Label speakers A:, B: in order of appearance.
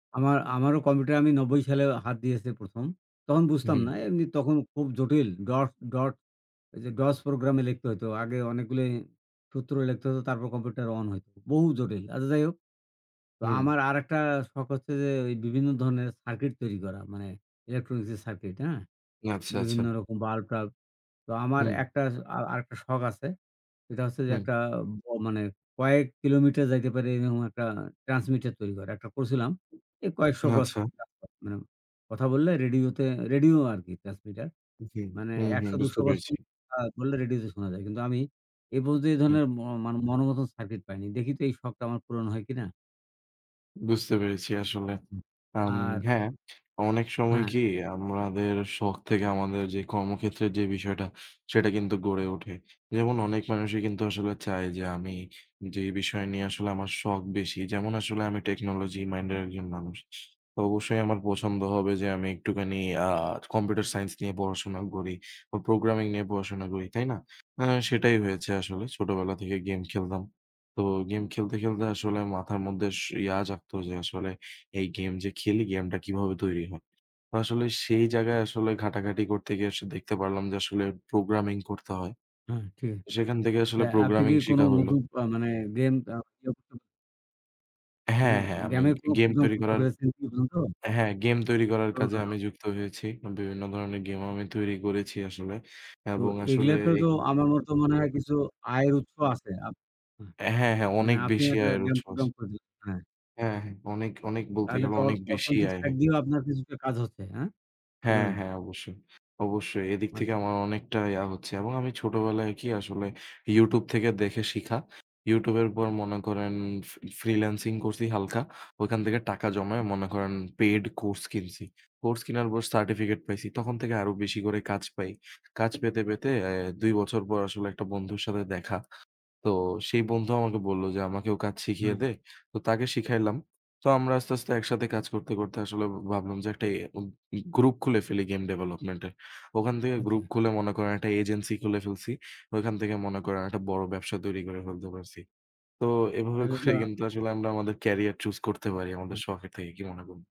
A: আমা আমারও কম্পিউটারে আমি ৯০ সালে হাত দিয়েছি ১ম তখন বুঝতাম
B: হুম।
A: না, এমনি তখন খুব জটিল। ডটস ডট এই যে DOS প্রোগ্রামে লিখতে হইতো। আগে অনেকগুলি সূত্র লিখতে হতো তারপর কম্পিউটার অন হইতো, বহু জটিল। আচ্ছা যাই হোক। তো
B: হুম।
A: আমার আরেকটা শখ হচ্ছে যে ওই বিভিন্ন ধরনের সার্কিট তৈরি করা। মানে ইলেকট্রনিস্ক এর সার্কিট, হ্যাঁ?
B: আচ্ছা,
A: বিভিন্ন
B: আচ্ছা।
A: রকম বাল্ব-টাল্ব। তো আমার
B: হুম।
A: একটা আ আরেকটা শখ আছে সেটা হচ্ছে যে
B: হুম।
A: একটা অ মানে কয়েক কিলোমিটার যাইতে পারে এইরকম একটা ট্রান্সমিটার তৈরি করা। একটা করছিলাম, এই কয়েকশ গজ
B: আচ্ছা।
A: কাজ করে মানে কথা বললে রেডিও তে রেডিও আরকি ট্রান্সমিটার।
B: হুম,
A: মানে
B: হুম, হুম,
A: ১০০-২০০
B: বুঝতে
A: গজ
B: পেরেছি।
A: পর্যন্ত আ বললে রেডিও তে শোনা যায়। কিন্তু আমি এপর্যন্ত এই
B: হুম।
A: ধরনের ম মানে মন মতো সার্কিট পাইনি। দেখি তো এই শখটা আমার পূরণ হয় কিনা?
B: বুঝতে পেরেছি আসলে।
A: উ
B: আম
A: আর।
B: হ্যাঁ, অনেক সময়
A: হ্যাঁ।
B: কি? আমাদের শখ থেকে আমাদের যে কর্মক্ষেত্রের যে বিষয়টা, সেটা কিন্তু গড়ে ওঠে। যেমন অনেক মানুষই কিন্তু আসলে চায় যে আমি যেই বিষয় নিয়ে আসলে আমার শখ বেশি, যেমন আসলে আমি টেকনোলজি
A: উ,
B: মাইন্ডের
A: উ।
B: একজন মানুষ। তো অবশ্যই আমার পছন্দ হবে যে আমি একটুখানি আ কম্পিউটার সাইন্স নিয়ে পড়াশোনা করি বা প্রোগ্রামিং নিয়ে পড়াশোনা করি, তাই না? আ সেটাই হয়েছে আসলে। ছোটবেলা থেকে গেম খেলতাম। তো গেম খেলতে, খেলতে আসলে মাথার মধ্যে ইয়া জাগতো যে আসলে এই গেম যে খেলি, গেমটা কিভাবে তৈরি হয়? তো আসলে সেই জায়গায় আসলে ঘাটাঘাটি করতে গিয়ে আস দেখতে পারলাম যে আসলে প্রোগ্রামিং করতে হয়।
A: হ্যাঁ ঠিক।
B: সেখান থেকে
A: তা
B: আসলে
A: আপনি
B: প্রোগ্রামিং
A: কি কোনো
B: শিখা হইলো।
A: নতুন আ মানে গেম আবিষ্কার। [unintelligible]
B: হ্যাঁ,
A: মানে
B: হ্যাঁ, আমি
A: গেম এর কোনো
B: গেম
A: প্রোগ্রাম
B: তৈরি
A: করতে
B: করার
A: পেরেছেন কি এই পর্যন্ত?
B: হ্যাঁ, গেম তৈরি করার
A: খুবই
B: কাজে
A: ভালো।
B: আমি যুক্ত হয়েছি। বিভিন্ন ধরনের গেম আমি তৈরি করেছি আসলে
A: তো
B: এবং আসলে
A: এগুলাতে তো
B: একি
A: আমার মত মনে হয় কিছু আয়ের উৎস আছে। আপ হ্যাঁ।
B: অ্যা হ্যাঁ, হ্যাঁ,
A: মানে
B: অনেক
A: আপনি
B: বেশি
A: একটা
B: আয়ের
A: গেম
B: উৎস আছে।
A: প্রোগ্রাম করে দিলেন, হ্যাঁ।
B: হ্যাঁ, হ্যাঁ। অনেক, অনেক বলতে
A: তাহলে
B: গেলে
A: তো অর
B: অনেক বেশি
A: অর্থনৈতিক
B: আয়
A: সাইড
B: হ্যাঁ।
A: দিয়েও আপনার কিছুটা কাজ হচ্ছে, হ্যাঁ? কি
B: হ্যাঁ,
A: বলেন?
B: হ্যাঁ। অবশ্যই, অবশ্যই। এদিক থেকে
A: আচ্ছা।
B: আমার অনেকটাই আ হচ্ছে এবং আমি ছোটবেলায় কি আসলে YouTube থেকে দেখে শিখা। YouTube-এর পর মনে করেন ফি ফ্রিল্যান্সিং করছি হালকা। ওইখান থেকে টাকা জমায় মনে করেন পেইড কোর্স কিনছি। কোর্স কিনার পর সার্টিফিকেট পাইছি। তখন থেকে আরও বেশি করে কাজ পাই। কাজ পেতে, পেতে অ্যা ২ বছর পর আসলে একটা বন্ধুর সাথে দেখা। তো সেই বন্ধু আমাকে বলল যে "আমাকেও কাজ শিখিয়ে
A: হ্যাঁ।
B: দে।" তো তাকে শিখাইলাম। তো আমরা আস্তে, আস্তে একসাথে কাজ করতে, করতে আসলে ভাবলাম যে এ উম একটা গ্রুপ খুলে ফেলি গেম ডেভলপমেন্ট এর। ওখান থেকে গ্রুপ
A: আচ্ছা।
B: খুলে মনে করেন একটা এজেন্সি খুলে ফেলছি। ওইখান থেকে মনে করেন একটা বড় ব্যবসা তৈরি করে ফেলতে পারছি। তো এভাবে
A: তাহলে তো
B: করে
A: হ্যাঁ।
B: কিন্তু আসলে আমরা আমাদের ক্যারিয়ার চুজ করতে পারি আমাদের
A: আ
B: শখের থেকে, কি মনে কর